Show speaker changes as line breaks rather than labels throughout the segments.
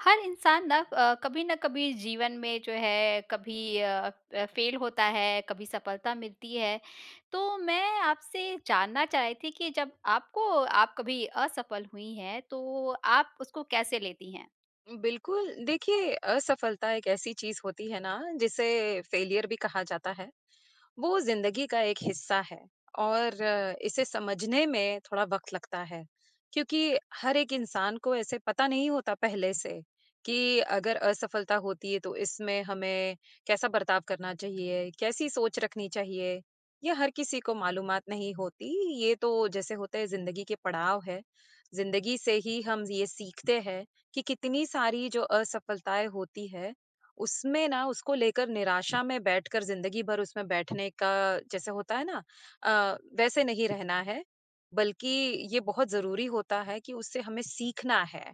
हर इंसान ना अ, कभी न कभी, जीवन में जो है, कभी अ अ, फ़ेल होता है, कभी सफलता मिलती है। तो मैं आपसे जानना चाह रही थी कि जब आपको आप कभी असफल हुई हैं, तो आप उसको कैसे लेती हैं?
बिल्कुल। देखिए, असफलता एक ऐसी चीज़ होती है ना, जिसे फ़ेलियर भी कहा जाता है। वो ज़िंदगी का एक हिस्सा है और इसे समझने में थोड़ा वक़्त लगता है, क्योंकि हर एक इंसान को ऐसे पता नहीं होता पहले से, कि अगर असफलता होती है, तो इसमें हमें कैसा बर्ताव करना चाहिए, कैसी सोच रखनी चाहिए? ये हर किसी को मालूमात नहीं होती। ये तो, जैसे होता है, ज़िंदगी के पड़ाव हैं, ज़िंदगी से ही हम ये सीखते हैं कि कितनी सारी जो असफलताएँ होती हैं, उसमें ना, उसको लेकर निराशा में बैठकर, ज़िंदगी भर उसमें बैठने का, जैसे होता है ना अ, वैसे नहीं रहना है। बल्कि ये बहुत ज़रूरी होता है कि उससे हमें सीखना है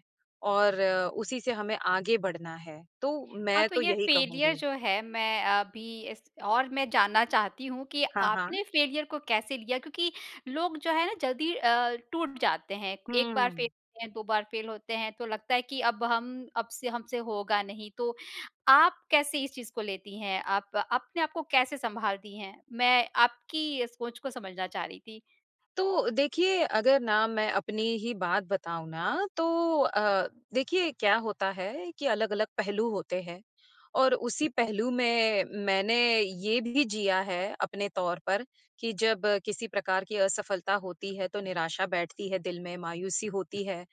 और उसी से हमें आगे बढ़ना है। तो
हाँ,
मैं
तो
तो
ये
यही
फ़ेलियर
कहूँगी।
जो है, मैं अभी इस और मैं जानना चाहती हूँ कि
हाँ, हाँ।
आपने फ़ेलियर को कैसे लिया? क्योंकि लोग जो है ना, जल्दी अ, टूट जाते हैं। 1 बार
हुँ।
फ़ेल होते हैं, 2 बार फ़ेल होते हैं, तो लगता है कि, "अब हम अब से हमसे होगा नहीं।" तो आप कैसे इस चीज़ को लेती हैं? आप अपने आप को कैसे सँभालती हैं? मैं आपकी सोच को समझना चाह रही थी।
तो देखिए, अगर ना, मैं अपनी ही बात बताऊँ ना, तो अ, देखिए, क्या होता है कि अलग-अलग पहलू होते हैं और उसी पहलू में मैंने ये भी जिया है अपने तौर पर, कि जब किसी प्रकार की असफलता होती है, तो निराशा बैठती है दिल में, मायूसी होती है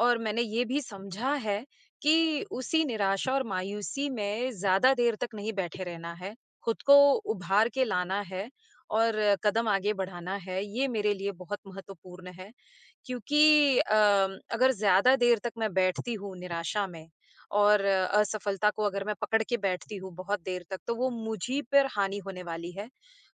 और मैंने ये भी समझा है कि उसी निराशा और मायूसी में ज़्यादा देर तक नहीं बैठे रहना है, खुद को उभार के लाना है और कदम आगे बढ़ाना है। ये मेरे लिए बहुत महत्वपूर्ण है, क्योंकि अ, अगर ज़्यादा देर तक मैं बैठती हूँ निराशा में और असफलता को अगर मैं पकड़ के बैठती हूँ बहुत देर तक, तो वो मुझ ही पर हानि होने वाली है।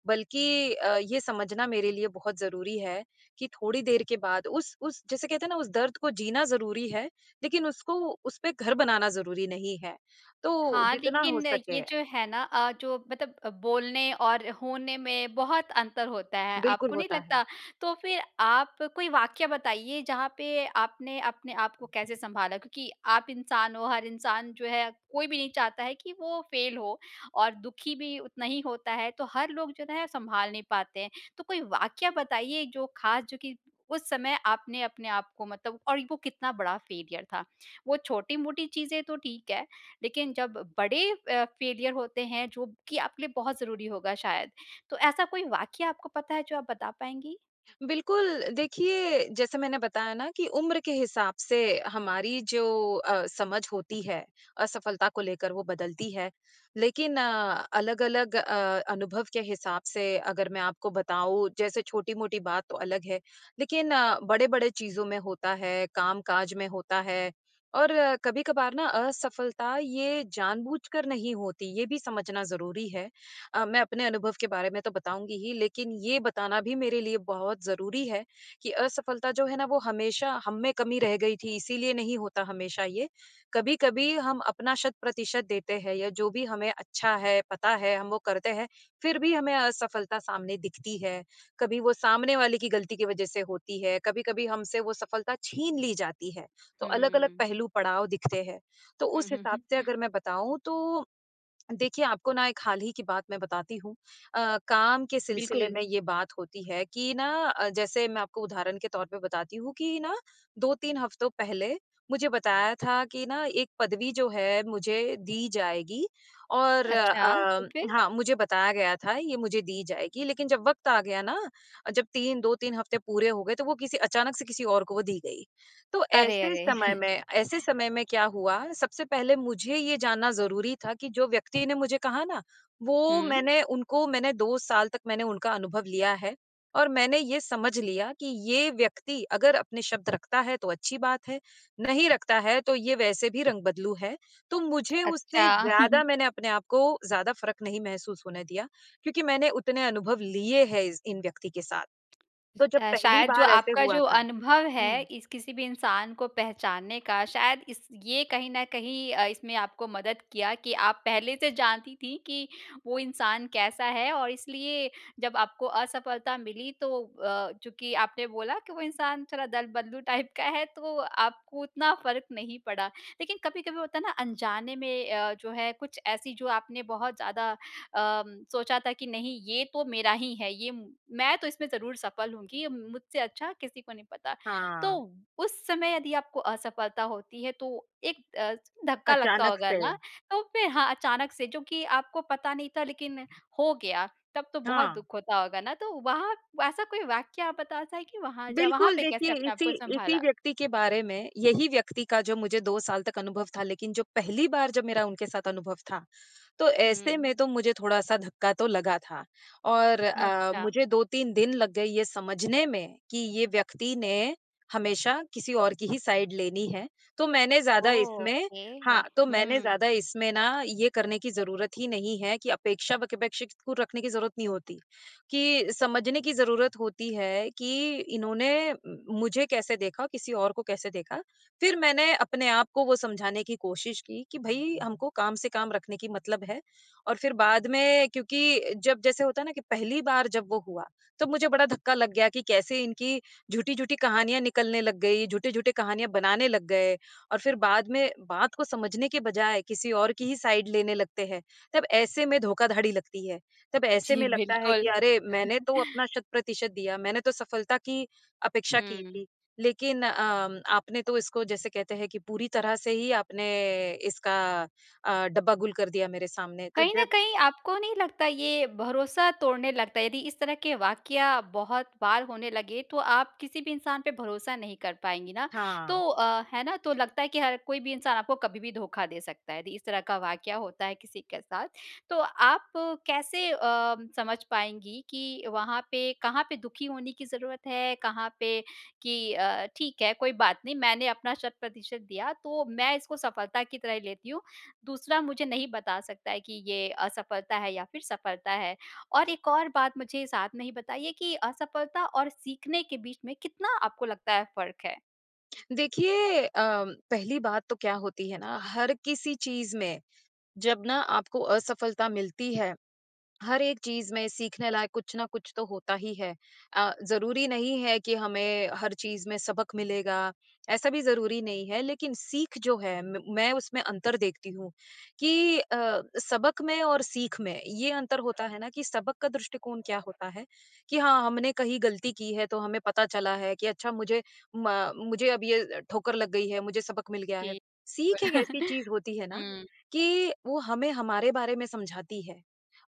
बल्कि अ, ये समझना मेरे लिए बहुत ज़रूरी है कि थोड़ी देर के बाद उस उस जैसे कहते हैं ना, उस दर्द को जीना ज़रूरी है, लेकिन उसको उसपे घर बनाना ज़रूरी नहीं है। तो
हाँ,
जितना हो
लेकिन, ये
सके
जो है ना अ, जो मतलब बोलने और होने में बहुत अंतर होता है।
बिल्कुल,
आपको नहीं
होता
लगता?
है।
तो फिर आप कोई वाक़या बताइए, जहाँ पे आपने अपने आप को कैसे सँभाला? क्योंकि आप इंसान हो, हर इंसान जो है, कोई भी नहीं चाहता है कि वो फ़ेल हो और दुखी भी उतना ही होता है। तो हर लोग जो है, सँभाल नहीं पाते हैं। तो कोई वाक़या बताइए, जो ख़ास जो कि उस समय आपने अपने आप को मतलब और वो कितना बड़ा फ़ेलियर था? वो छोटी-मोटी चीज़ें तो ठीक हैं, लेकिन जब बड़े अ, फ़ेलियर होते हैं, जो कि आपके लिए बहुत ज़रूरी होगा शायद, तो ऐसा कोई वाक़या आपको पता है, जो आप बता पाएँगी?
बिल्कुल, देखिए, जैसे मैंने बताया ना कि उम्र के हिसाब से हमारी जो अ, समझ होती है, असफलता को लेकर, वो बदलती है, लेकिन अलग-अलग अ, अनुभव के हिसाब से अगर मैं आपको बताऊँ, जैसे छोटी-मोटी बात तो अलग है, लेकिन बड़े-बड़े चीज़ों में होता है, काम-काज में होता है और कभी-कभार ना असफलता, ये जानबूझकर नहीं होती, ये भी समझना ज़रूरी है। अ, मैं अपने अनुभव के बारे में तो बताऊँगी ही, लेकिन ये बताना भी मेरे लिए बहुत ज़रूरी है कि असफलता जो है ना, वो हमेशा हम में कमी रह गई थी, इसीलिए नहीं होता हमेशा ये। कभी-कभी हम अपना शत-प्रतिशत देते हैं या जो भी हमें अच्छा है, पता है, हम वो करते हैं, फिर भी हमें असफलता सामने दिखती है। कभी वो सामने वाले की गलती की वज़ह से होती है, कभी-कभी हमसे वो सफलता छीन ली जाती है, तो अलग-अलग
हुँ।
पहलू, पड़ाव दिखते हैं। तो
हुँ,
उस
हुँ,
हिसाब
हुँ।
से अगर मैं बताऊँ, तो देखिए, आपको ना एक हाल ही की बात मैं बताती हूँ। अ, काम के सिलसिले
बिल्कुल।
में ये बात होती है कि ना अ, जैसे मैं आपको उदाहरण के तौर पर बताती हूँ कि ना, 2-3 हफ़्तों पहले मुझे बताया था कि ना, एक पदवी जो है, मुझे दी जाएगी और
अच्छा, तो
अ,
फिर?
हाँ, मुझे बताया गया था, ये मुझे दी जाएगी, लेकिन जब वक़्त आ गया ना, जब 3, 2-3 हफ़्ते पूरे हो गए, तो वो किसी अचानक से किसी और को दी गई। तो
अरे!
ऐसे
अरे!
समय में ऐसे समय में क्या हुआ, सबसे पहले मुझे ये जानना ज़रूरी था कि जो व्यक्ति ने मुझे कहा ना, वो
हुँ।
मैंने उनको मैंने 2 साल तक मैंने उनका अनुभव लिया है और मैंने ये समझ लिया कि, "ये व्यक्ति अगर अपने शब्द रखता है, तो अच्छी बात है, नहीं रखता है, तो ये वैसे भी रंग-बदलू है।" तो मुझे
अच्छा।
उससे ज़्यादा मैंने अपने आप को ज़्यादा फ़र्क़ नहीं महसूस नहीं होने दिया, क्योंकि मैंने उतने अनुभव लिए हैं इस इन व्यक्ति के साथ। तो जब
अ,
पहली
शायद जो
बार ऐसे
आपका
हुआ
जो
था
अनुभव है,
हुँ।
इस किसी भी इंसान को पहचानने का, शायद इस ये कहीं न कहीं अ, इसमें आपको मदद किया कि आप पहले से जानती थीं कि वो इंसान कैसा है और इसलिए जब आपको असफलता मिली, तो अ, चूँकि आपने बोला कि वो इंसान थोड़ा दल-बदलू टाइप का है, तो आपको उतना फ़र्क़ नहीं पड़ा। लेकिन कभी-कभी होता है ना, अनजाने में अ, जो है, कुछ ऐसी, जो आपने बहुत ज़्यादा अ, सोचा था कि, "नहीं, ये तो मेरा ही है। ये मैं तो इसमें ज़रूर सफल हूँगी। मुझसे अच्छा किसी को नहीं पता।" तो
हाँ।
उस समय यदि आपको असफलता होती है, तो एक अ, धक्का लगता
अचानक
होगा
से।
ना। तो फिर हाँ, अचानक से, चूँकि आपको पता नहीं था, लेकिन हो गया, तब तो बहुत
हाँ।
दुःख होता होगा ना। तो वहाँ ऐसा कोई वाक़या आप बताना चाहेंगी, वहाँ जा वहाँ
बिल्कुल।
पे कैसे
देखिए,
अपने आप
इसी
को
इसी
सँभाला?
व्यक्ति के बारे में यही व्यक्ति का जो मुझे 2 साल तक अनुभव था, लेकिन जो पहली बार जब मेरा उनके साथ अनुभव था, तो ऐसे
हुँ।
में तो मुझे थोड़ा-सा धक्का तो लगा था। और
न
अ,
अच्छा।
मुझे 2-3 दिन लग गए ये समझने में कि ये व्यक्ति ने हमेशा किसी और की ही साइड लेनी है। तो मैंने ज़्यादा इसमें
ओके।
हाँ, तो मैंने
हुँ।
ज़्यादा इसमें ना, ये करने की ज़रूरत ही नहीं है कि अपेक्षा वकेपेक्षे को रखने की ज़रूरत नहीं होती, कि समझने की ज़रूरत होती है कि, "इन्होंने मुझे कैसे देखा? किसी और को कैसे देखा?" फिर मैंने अपने आप को वो समझाने की कोशिश की कि, "भई, हमको काम से काम रखने की मतलब है।" और फिर बाद में क्योंकि जब जैसे होता है ना कि पहली बार जब वो हुआ, तब मुझे बड़ा धक्का लग गया कि कैसे इनकी झूठी-झूठी कहानियाँ निकलने लग गई, झूठे-झूठे कहानियाँ बनाने लग गए और फिर बाद में बात को समझने के बजाय किसी और की ही साइड लेने लगते हैं। तब ऐसे में धोखाधड़ी लगती है। तब ऐसे
जी,
में लगता है कि,
बिल्कुल।
"अरे! मैंने तो अपना शत-प्रतिशत दिया, मैंने तो सफलता की अपेक्षा की
हुँ।
थी। लेकिन अ, आपने तो इसको, जैसे कहते हैं कि पूरी तरह से ही आपने, इसका अ, डब्बा गुल कर दिया मेरे सामने।" तो
कहीं न
जब
कहीं आपको नहीं लगता, ये भरोसा तोड़ने लगता है? यदि इस तरह के वाक़या बहुत बार होने लगे, तो आप किसी भी इंसान पे भरोसा नहीं कर पाएँगी ना। तो
हाँ।
अ, है ना? तो लगता है कि हर कोई भी इंसान आपको कभी भी धोखा दे सकता है। दी इस तरह का वाक़या होता है किसी के साथ, तो आप कैसे अ, समझ पाएँगी कि वहाँ पे कहाँ पे दुखी होने की ज़रूरत है? कहाँ पे कि अ, "ठीक है, कोई बात नहीं। मैंने अपना शत-प्रतिशत दिया, तो मैं इसको सफलता की तरह ही लेती हूँ। दूसरा मुझे नहीं बता सकता है कि ये असफलता है या फिर सफलता है।"? और एक और बात मुझे साथ में ही बताइए कि असफलता और सीखने के बीच में कितना आपको लगता है, फ़र्क़ है?
देखिए अ, पहली बात तो क्या होती है ना हर किसी चीज़ में जब ना आपको असफलता मिलती है। हर एक चीज़ में सीखने लायक कुछ न कुछ तो होता ही है। अ, ज़रूरी नहीं है कि हमें हर चीज़ में सबक मिलेगा, ऐसा भी ज़रूरी नहीं है लेकिन सीख जो है म मैं उसमें अंतर देखती हूँ कि अ, सबक में और सीख में ये अंतर होता है ना कि सबक का दृष्टिकोण क्या होता है कि हाँ, हमने कहीं गलती की है तो हमें पता चला है कि अच्छा मुझे म मुझे अब ये ठोकर लग गई है, मुझे सबक मिल गया है।
जी,
सीख एक ऐसी चीज़ होती है ना
हुँ।
कि वो हमें हमारे बारे में समझाती है।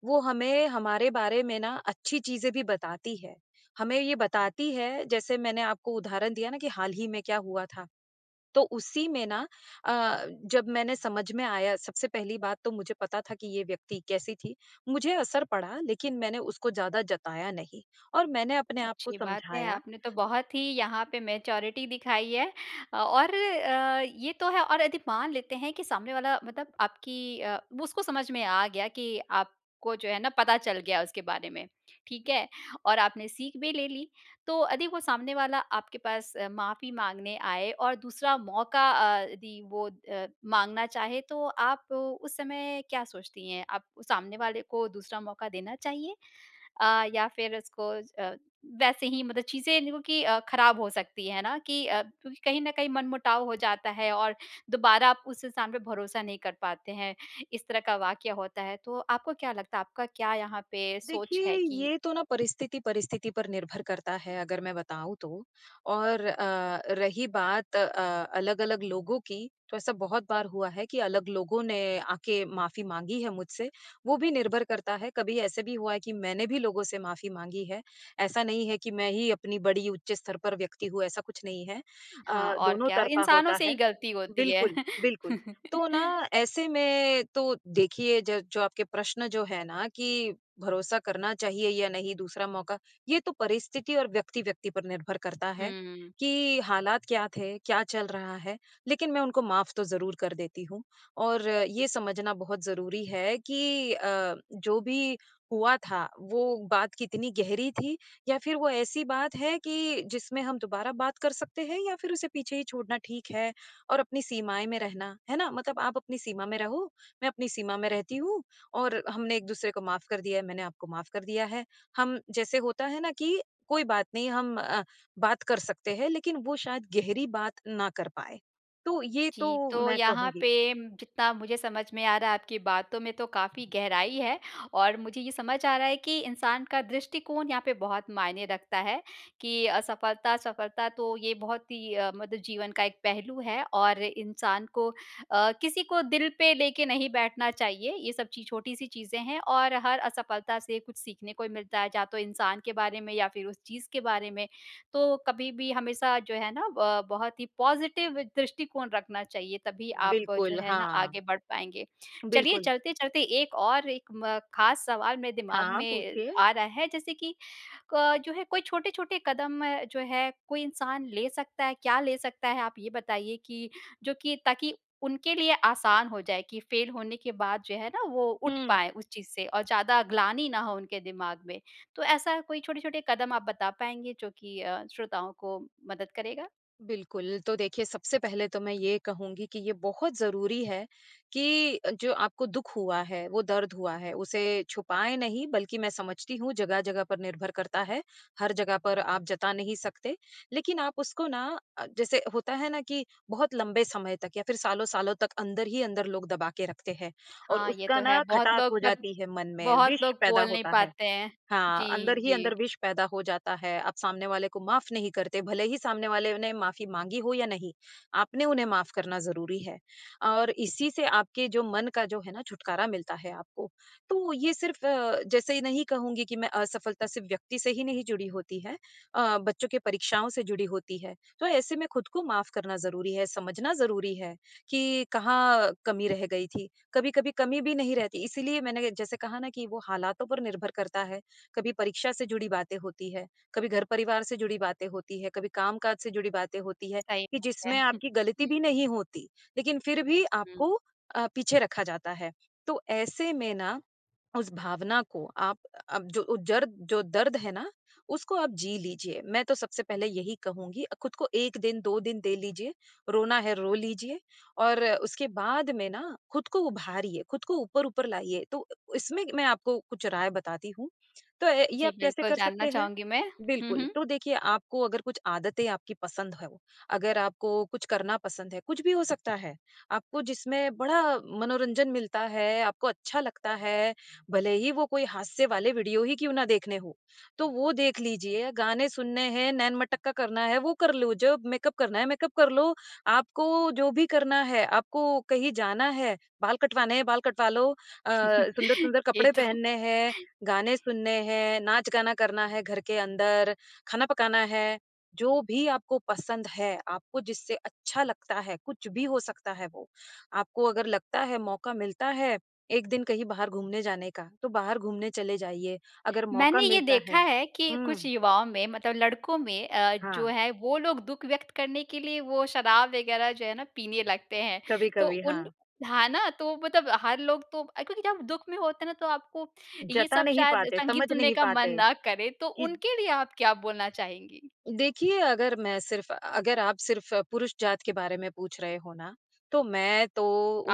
वो हमें हमारे बारे में ना अच्छी चीज़ें भी बताती है, हमें ये बताती है जैसे मैंने आपको उदाहरण दिया ना कि हाल ही में क्या हुआ था तो उसी में ना अ, जब मैंने समझ में आया सबसे पहली बात तो मुझे पता था कि ये व्यक्ति कैसी थी, मुझे असर पड़ा लेकिन मैंने उसको ज़्यादा जताया नहीं और मैंने अपने आप को
अच्छी बात है,
समझाया।
आपने तो बहुत ही यहाँ पे मैच्योरिटी दिखाई है। अ, और अ, ये तो है और यदि मान लेते हैं कि सामने वाला मतलब आपकी अ, वो उसको समझ में आ गया कि आपको जो है ना पता चल गया उसके बारे में, ठीक है। और आपने सीख भी ले ली तो यदि वो सामने वाला आपके पास अ, माफ़ी माँगने आए और दूसरा मौका अ, यदि वो अ, माँगना चाहे तो आप उस समय क्या सोचती हैं आप सामने वाले को दूसरा मौका देना चाहिए? अ, या फिर उसको अ, वैसे ही मतलब चीज़ें क्योंकि ख़राब हो सकती है ना कि अ, क्योंकि कहीं न कहीं मन-मुटाव हो जाता है और दोबारा आप उस इंसान पे भरोसा नहीं कर पाते हैं। इस तरह का वाक्य होता है तो आपको क्या लगता है आपका क्या यहाँ पे सोच
देखिए
है कि
ये तो ना परिस्थिति-परिस्थिति पर निर्भर करता है अगर मैं बताऊँ तो और अ, रही बात अ, अलग-अलग लोगों की तो ऐसा बहुत बार हुआ है कि अलग लोगों ने आके माफ़ी माँगी है मुझसे। वो भी निर्भर करता है कभी ऐसे भी हुआ है कि मैंने भी लोगों से माफी माँगी है, ऐसा नहीं है कि मैं ही अपनी बड़ी उच्च स्तर पर व्यक्ति हूँ ऐसा कुछ नहीं है।
हाँ,
अ,
और
दोनों
क्या
तरफा
इंसानों
होता
से ही
है।
ग़लती होती है।
बिल्कुल, बिल्कुल तो ना ऐसे में तो देखिए ज जो आपके प्रश्न जो हैं ना कि भरोसा करना चाहिए या नहीं दूसरा मौका ये तो परिस्थिति और व्यक्ति-व्यक्ति पर निर्भर करता है
हुँ, हुँ।
कि हालात क्या थे, क्या चल रहा है? लेकिन मैं उनको माफ तो ज़रूर कर देती हूँ। और ये समझना बहुत ज़रूरी है कि अ, जो भी हुआ था वो बात कितनी गहरी थी या फिर वो ऐसी बात है कि जिसमें हम दोबारा बात कर सकते हैं या फिर उसे पीछे ही छोड़ना ठीक है और अपनी सीमाएँ में रहना, है ना? मतलब आप अपनी सीमा में रहो, मैं अपनी सीमा में रहती हूँ और हमने एक-दूसरे को माफ कर दिया है, मैंने आपको माफ कर दिया है। हम जैसे होता है ना कि कोई बात नहीं हम अ, बात कर सकते हैं लेकिन वो शायद गहरी बात ना कर पाए। तो ये तो
जी, तो
मैं
यहाँ
कहूँगी।
पे जितना मुझे समझ में आ रहा है, आपकी बातों में तो काफ़ी गहराई है और मुझे ये समझ आ रहा है कि इंसान का दृष्टिकोण यहाँ पे बहुत मायने रखता है, कि असफलता-सफलता तो ये बहुत ही अ, मतलब जीवन का एक पहलू है और इंसान को अ, किसी को दिल पे लेके नहीं बैठना चाहिए ये सब ची छोटी-सी चीज़ें हैं। और हर असफलता से कुछ सीखने को मिलता है या तो इंसान के बारे में या फिर उस चीज़ के बारे में, तो कभी भी हमेशा जो है ना अ, बहुत ही पॉज़िटिव दृष्टिकोण रखना चाहिए तभी आप जो
बिल्कुल,
है ना,
हाँ।
आगे बढ़ पाएँगे। चलिए,
बिल्कुल।
चलते-चलते एक और एक म ख़ास सवाल मेरे दिमाग
हाँ,
में
पूछिए।
आ रहा है जैसे कि क जो है कोई छोटे-छोटे कदम अ, जो है कोई इंसान ले सकता है, क्या ले सकता है आप ये बताइए कि जो कि ताकि उनके लिए आसान हो जाए की फ़ेल होने के बाद जो है ना, वो उठ
हुँ।
पाए उस चीज़ से और ज़्यादा ग्लानि ना हो उनके दिमाग में तो ऐसा कोई छोटे-छोटे कदम आप बता पाएँगे जो कि अ, श्रोताओं को मदद करेगा?
बिल्कुल, तो देखिए सबसे पहले तो मैं ये कहूँगी कि ये बहुत ज़रूरी है, कि जो आपको दुःख हुआ है, वो दर्द हुआ है उसे छुपाएँ नहीं, बल्कि मैं समझती हूँ, जगह-जगह पर निर्भर करता है। हर जगह पर आप जता नहीं सकते लेकिन आप उसको ना अ, जैसे होता है ना, कि बहुत लंबे समय तक या फिर सालों-सालों तक अंदर ही अंदर लोग दबा के रखते हैं, और
हाँ, ये तो
उसका
है।
ना
बहुत
खटास
लोग
हो
बत
जाती है मन में,
बहुत
विष
लोग
पैदा
बोल नहीं
होता है।
पाते हैं।
हाँ, अंदर
जी,
ही
जी।
अंदर विष पैदा हो जाता है, आप सामने वाले को माफ़ नहीं करते, भले ही सामने वाले ने माफ़ी माँगी हो या नहीं, आपने उन्हें माफ़ करना ज़रूरी है। और इसी से आपके जो मन का जो है ना छुटकारा मिलता है आपको। तो ये सिर्फ़ अ, जैसे नहीं कहूँगी कि मैं असफलता सिर्फ़ व्यक्ति से ही नहीं जुड़ी होती है अ, बच्चों की परीक्षाओं से जुड़ी होती है। तो ऐसे में खुद को माफ़ करना ज़रूरी है, समझना ज़रूरी है कि कहाँ कमी रह गई थी। कभी-कभी कमी भी नहीं रहती, इसीलिए मैंने जैसे कहा ना कि वो हालातों पर निर्भर करता है, कभी परीक्षा से जुड़ी बातें होती हैं, कभी घर-परिवार से जुड़ी बातें होती हैं, कभी कामकाज से जुड़ी बातें होती हैं,
सही
कि
बात
जिसमें
है।
आपकी ग़लती भी नहीं होती लेकिन फिर भी आपको
हुँ।
अ, पीछे रखा जाता है। तो ऐसे में ना उस भावना को आप अब जो ज़र्द जो दर्द है ना उसको आप जी लीजिए। मैं तो सबसे पहले यही कहूँगी अ, खुद को 1 दिन, 2 दिन दे लीजिए। रोना है, रो लीजिए और उसके बाद में ना खुद को उभारिए, खुद को ऊपर-ऊपर लाइए तो इसमें मैं आपको कुछ राय बताती हूँ। तो ये
जी,
आप कैसे
बिल्कुल
कर
जानना
सकते हैं?
चाहूँगी मैं। हुँ,
बिल्कुल,
हुँ।
तो देखिए आपको अगर कुछ आदतें आपकी पसंद हों, अगर आपको कुछ करना पसंद है, कुछ भी हो सकता है। आपको जिसमें बड़ा मनोरंजन मिलता है, आपको अच्छा लगता है, भले ही वो कोई हास्य वाले वीडियो ही क्यों ना देखने हों। तो वो देख लीजिए, गाने सुनने हैं, नैन-मटक्का करना है वो कर लो, जब मेकअप करना है, मेकअप कर लो। आपको जो भी करना है आपको कहीं जाना है बाल कटवाने हैं बाल कटवा लो अ, सुंदर-सुंदर
ये
कपड़े
तो।
पहनने हैं, गाने सुनने हैं, नाच-गाना करना है घर के अंदर खाना पकाना है, जो भी आपको पसंद है आपको जिससे अच्छा लगता है कुछ भी हो सकता है वो। आपको अगर लगता है मौका मिलता है 1 दिन कहीं बाहर घूमने जाने का तो बाहर घूमने चले जाइए अगर मौका
मैंने ये
मिलता
देखा
है।
है कि कुछ
हुँ।
युवाओं में मतलब लड़कों में अ, जो
हाँ।
है वो लोग दुःख व्यक्त करने के लिए वो शराब वग़ैरह जो है ना पीने लगते हैं। तो
कभी-कभी,
उन
हाँ।
हाँ, ना तो मतलब हर लोग तो अ, क्योंकि जब दुःख में होते हैं ना तो आपको ये
जता
सब
नहीं
शायद
पाते,
संगीत
समझ
सुनने
नहीं
का मन
पाते
ना करें, तो
कि
उनके लिए आप क्या बोलना चाहेंगी?
देखिए, अगर मैं सिर्फ़ अगर आप सिर्फ़ पुरुष जात के बारे में पूछ रहे हो ना तो मैं तो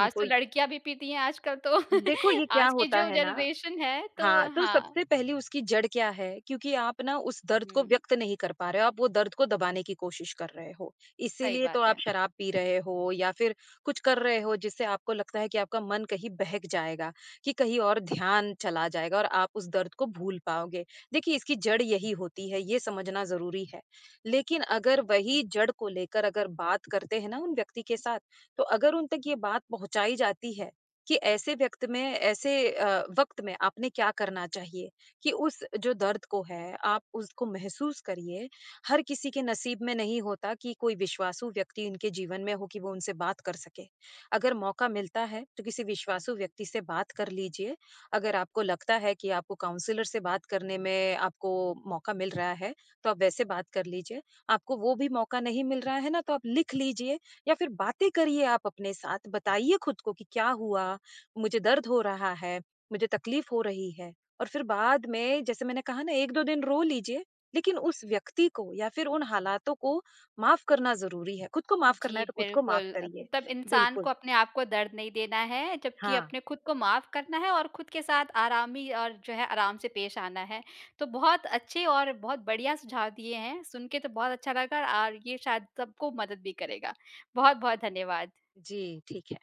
आज तो
इ
लड़कियाँ भी पीती है आजकल तो।
देखो ये क्या
आज की
होता
जो
है ना
जनरेशन है।
हाँ,
तो
तो
हाँ।
सबसे पहली उसकी जड़ क्या है? क्योंकि आप ना उस दर्द को
हुँ।
व्यक्त नहीं कर पा रहे हो, आप वो दर्द को दबाने की कोशिश कर रहे हो,
सही
इसीलिए तो
बात
आप
है।
शराब पी रहे हो या फिर कुछ कर रहे हो जिससे आपको लगता है कि आपका मन कहीं बहक जाएगा। कि कहीं और ध्यान चला जाएगा और आप उस दर्द को भूल पाओगे, देखिए इसकी जड़ यही होती है, ये समझना ज़रूरी है, लेकिन अगर वही जड़ को लेकर अगर बात करते हैं उन व्यक्ति के साथ, तो अगर उन तक ये बात पहुँचाई जाती है, कि ऐसे व्यक्त में ऐसे अ, वक़्त में आपने क्या करना चाहिए? कि उस जो दर्द को है, आप उसको महसूस करिए, हर किसी के नसीब में नहीं होता कि कोई विश्वासू व्यक्ति उनके जीवन में हो कि वो उनसे बात कर सके, अगर मौक़ा मिलता है तो किसी विश्वासू व्यक्ति से बात कर लीजिए। अगर आपको लगता है कि आपको काउंसलर से बात करने में आपको मौक़ा मिल रहा है, तो आप वैसे बात कर लीजिए। आपको वो भी मौक़ा नहीं मिल रहा है ना तो आप लिख लीजिए या फिर बातें करिए आप अपने साथ, बताइए खुद को कि क्या हुआ, मुझे दर्द हो रहा है, मुझे तकलीफ़ हो रही है। और फिर बाद में जैसे मैंने कहा ना 1-2 दिन रो लीजिए लेकिन उस व्यक्ति को या फिर उन हालातों को माफ़ करना ज़रूरी है। खुद को माफ़ करना
जी,
है तो खुद को माफ़
बिल्कुल अ,
करिए,
तब इंसान
बिल्कुल।
को अपने आप को दर्द नहीं देना है। जबकि
हाँ।
अपने खुद को माफ़ करना है और खुद के साथ आरामी और जो है आराम से पेश आना है। तो बहुत अच्छे और बहुत बढ़िया सुझाव दिए हैं सुन के तो बहुत अच्छा लगा और ये शायद सबको मदद भी करेगा। बहुत-बहुत धन्यवाद।
जी, ठीक है।